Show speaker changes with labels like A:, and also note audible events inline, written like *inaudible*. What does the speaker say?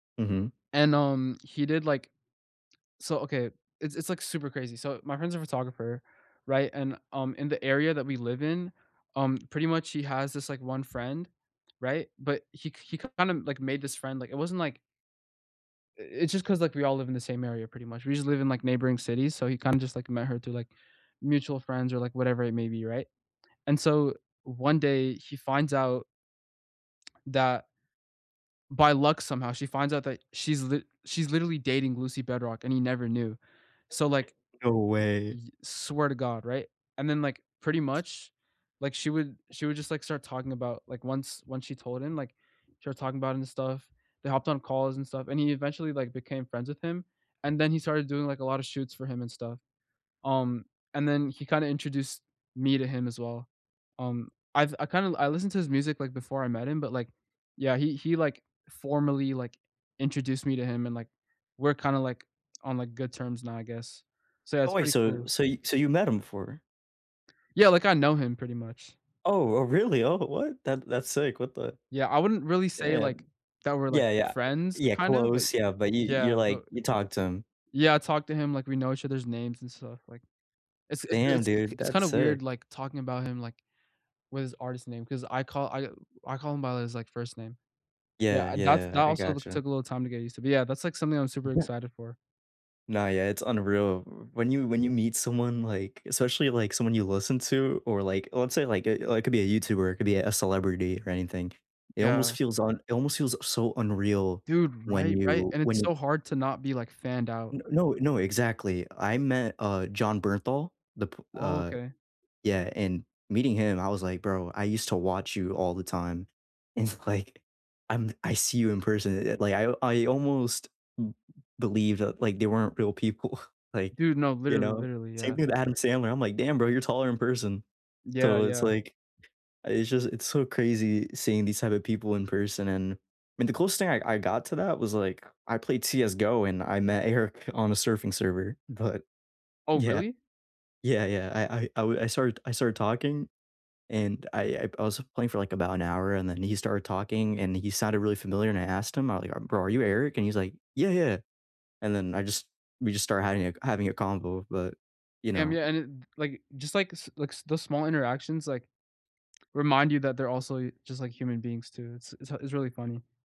A: Mhm.
B: And, um, he did like so okay. It's it's like super crazy, so my friend's a photographer, right, and, um, in the area that we live in, um, pretty much he has this like one friend. Right, but he k he kind of, like, made this friend like, it wasn't like i it's just 'cause, like, all live in the same area pretty much, we just live in, like, neighboring cities, so he kind of just like met her through, like, mutual friends or like whatever it may be, right? And so one day he finds out that by luck somehow, she finds out that she's li she's literally dating Lucy Bedroque and he never knew. So like
A: No way.
B: Y swear to God, right? And then like, pretty much, like, she would she would just like start talking about like once once she told him, like started talking about it and stuff, they hopped on calls and stuff, and he eventually, like, became friends with him, and then he started doing, like, a lot of shoots for him and stuff, um, and then he kinda introduced me to him as well. Um, I've I kinda I listened to his music, like, before I met him, but, like, yeah, he he, like, formally, like, introduced me to him and, like, we're kinda, like, on, like, good terms now, I guess. So
A: Oh,
B: that's
A: wait,
B: pretty
A: so
B: cool.
A: so y so you met him before?
B: Yeah like, I know him pretty much.
A: Oh, oh, really, oh, what, that that's sick, what the
B: Yeah, I wouldn't really say,
A: damn.
B: like, that we're, like,
A: Yeah, yeah.
B: friends,
A: Yeah,
B: kind of, but
A: close, yeah, but you you're,
B: yeah, but
A: like, you talk to him.
B: Yeah, I talked to him like we know each other's names and stuff like it's it's
A: Damn,
B: it's
A: dude,
B: it's kind
A: that's
B: of weird
A: sick.
B: like talking about him like with his artist name 'cause I call I I call him by his, like, first name.
A: Yeah,
B: Yeah, that's that
A: yeah, I I
B: also
A: gotcha.
B: took a little time to get used to, but, yeah, that's, like, something I'm super
A: *chuckles*
B: excited for.
A: Nah, yeah, it's unreal, w when you when you meet someone, like especially, like, someone you listen to, or, like, let's say, like, eh, like could be a YouTuber, it could be a celebrity or anything. It almost
B: Yeah.
A: feels un it almost feels so unreal
B: Dude,
A: when
B: right, right,
A: you
B: and
A: when
B: it's
A: you
B: so hard to not be, like, fanned out.
A: N no, no exactly, I met, uh, Jon Bernthal, the p
B: Oh,
A: Uh,
B: okay.
A: yeah, and meeting him, I was like, "Bro, I used to watch you all the time." It's like, I'm I see you in person, eh, like, I I almost b believe that, like, they weren't real people, like,
B: Dude, no,
A: you
B: literally,
A: know,
B: literally,
A: same
B: yeah.
A: thing with Adam Sandler, I'm like, "Damn, bro, you're taller in person."
B: Yeah,
A: So it's
B: yeah.
A: like it's just it's so crazy seeing these type of people in person, and I mean, the coolest thing I I got to that was, like, I played CS:GO and I met Eric on a surfing server, but
B: Oh,
A: yeah.
B: really?
A: Yeah, yeah, I I I w I started I started talking and I I I was playing for, like, about an hour and then he started talking and he sounded really familiar and I asked him, I'm like "Bro, are you Eric," And he's like, "Yeah, yeah," and then I just we just started hiding a having a convo, but, you
B: Damn, yeah,
A: know
B: and it like, just like s like, the small interactions, like, remind you that they're also just, like, human beings too, it's it's h it's really funny.